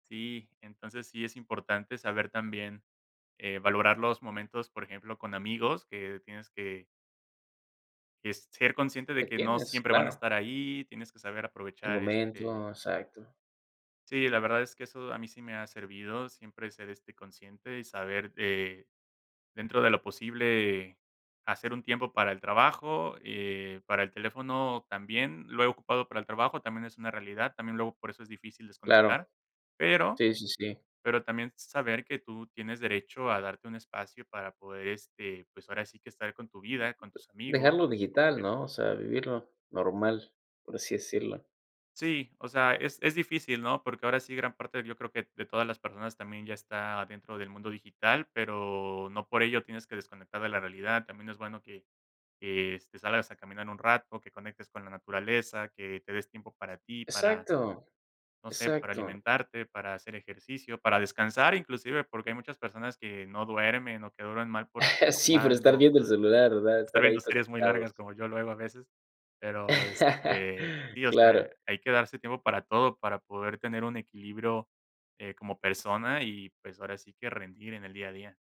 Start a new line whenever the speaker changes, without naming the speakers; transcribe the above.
Sí. Entonces, sí es importante, saber también, eh, valorar los momentos, por ejemplo, con amigos, que tienes que que, ser consciente, de
Que
que no
tienes,
siempre van a
claro.
estar ahí. Tienes que saber
Hay
aprovechar,
momentos.
este
Exacto.
Sí, la verdad, es que eso, a mí sí me ha servido. Siempre ser, este, consciente, y saber de dentro de lo posible, hacer un tiempo para el trabajo, eh, para el teléfono, también. Lo he ocupado para el trabajo, también es una realidad. También luego, por eso es difícil
Claro.
desconectar, pero
Sí, sí, sí.
pero también saber, que tú tienes derecho a darte un espacio, para poder, este, pues, ahora sí que, estar con tu vida, con tus amigos,
Dejarlo
con tu
digital,
pareja.
¿no? O sea, vivirlo, normal. Por así decirlo.
Sí, o sea, es es difícil, ¿no? Porque ahora sí, gran parte, yo creo, que de todas las personas, también ya está dentro del mundo digital, pero no por ello tienes que desconectar de la realidad. También es bueno que que, este, salgas a caminar un rato, que conectes con la naturaleza, que te des tiempo para ti, para,
Exacto.
no sé. Para
Exacto.
alimentarte, para hacer ejercicio, para descansar, inclusive. Porque hay muchas personas que no duermen, o que duerman mal, por estar
Sí, por estar
jugando
viendo el
todo el día.
celular, ¿verdad?
Estar
Estar ahí
viendo series muy
conectados.
largas, como yo, luego, a veces. Pero, este, sí, o sea,
Claro.
hay que darse tiempo para todo, para poder tener un equilibrio, eh, como persona y, pues, ahora sí que, rendir en el día a día.